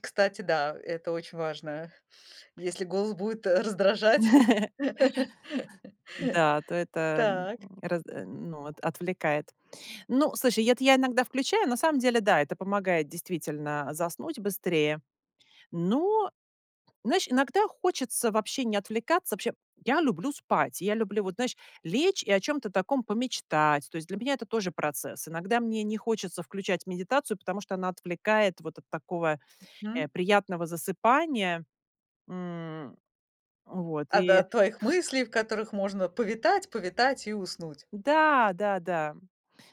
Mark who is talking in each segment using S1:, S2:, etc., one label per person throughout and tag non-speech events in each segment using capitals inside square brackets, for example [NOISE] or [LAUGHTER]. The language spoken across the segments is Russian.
S1: Кстати, да, это очень важно, если голос будет, э, раздражать.
S2: [LAUGHS]
S1: [LAUGHS]
S2: Да, то это, м,
S1: Так.
S2: разд а, ну, от отвлекает. Ну, слушай, это я иногда включаю. На самом деле, да, это помогает действительно заснуть быстрее. Но, знаешь, иногда хочется вообще не отвлекаться. Вообще, я люблю спать, я люблю вот, знаешь, лечь и о чём-то таком помечтать. То есть для меня это тоже процесс. Иногда мне не хочется включать медитацию, потому что она отвлекает вот от такого,
S1: Мгм.
S2: э, приятного засыпания, м. Вот
S1: А, да,
S2: и
S1: от твоих мыслей, в которых можно повитать повитать и уснуть.
S2: да-да-да.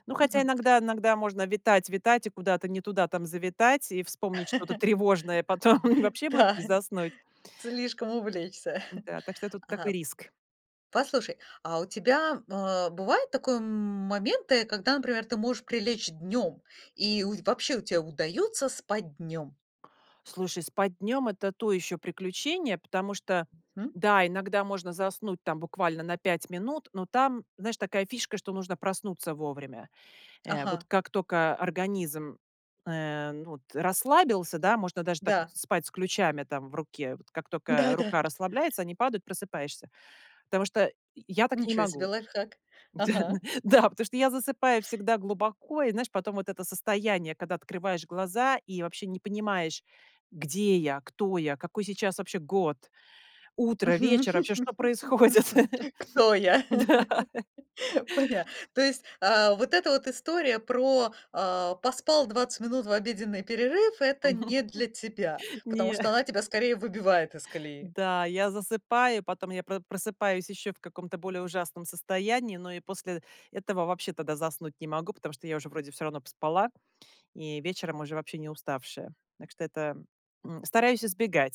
S2: Ну, хотя
S1: Мгм.
S2: иногда иногда можно витать-витать и куда-то не туда там завитать и вспомнить что-то тревожное, потом
S1: [CHUCKLES]
S2: вообще будет
S1: Да,
S2: не заснуть.
S1: слишком увлечься.
S2: Да. Так что тут такой
S1: А,
S2: риск.
S1: послушай, а у тебя, а, бывают такое моменты, когда, например, ты можешь прилечь днём, и у вообще у тебе удаётся спать днём?
S2: Слушай, спать днём- это то ещё приключение, потому что,
S1: Мгм.
S2: да, иногда можно заснуть там буквально на 5 минут, но там, знаешь, такая фишка, что нужно проснуться вовремя, э. Вот
S1: Ага.
S2: как тока организм, э, м, вот расслабился, да, можно даже так,
S1: Да.
S2: в спать с ключами там в руке, вот как тока
S1: Да-да.
S2: рука расслабляется, они падают, просыпаешься, потому что й я так не
S1: Ничего себе
S2: могу.
S1: лайфхак. Ага.
S2: [LAUGHS] Да, потому что я засыпаю всегда глубоко и, знаешь, потом вот это состояние, когда открываешь глаза и вообще не понимаешь, где я, кто я, какой сейчас вообще год, утро, вечер,
S1: [LAUGHS] Мгм.
S2: вообще, что происходит.
S1: Кто я?
S2: Да.
S1: [LAUGHS]
S2: [LAUGHS]
S1: Поня То есть, а, вот эта вот история про, а, поспал 20 минут в обеденный перерыв- это не для тебя,
S2: [LAUGHS]
S1: потому
S2: Не.
S1: что она тебя скорее выбивает из колеи.
S2: Да, я засыпаю, потом я про просыпаюсь ещё в каком-то более ужасном состоянии. Но и после этого вообще тогда заснуть не могу, потому что я уже вроде всё равно поспала, и вечером уже вообще не уставшая. Так что это, м, стараюсь избегать.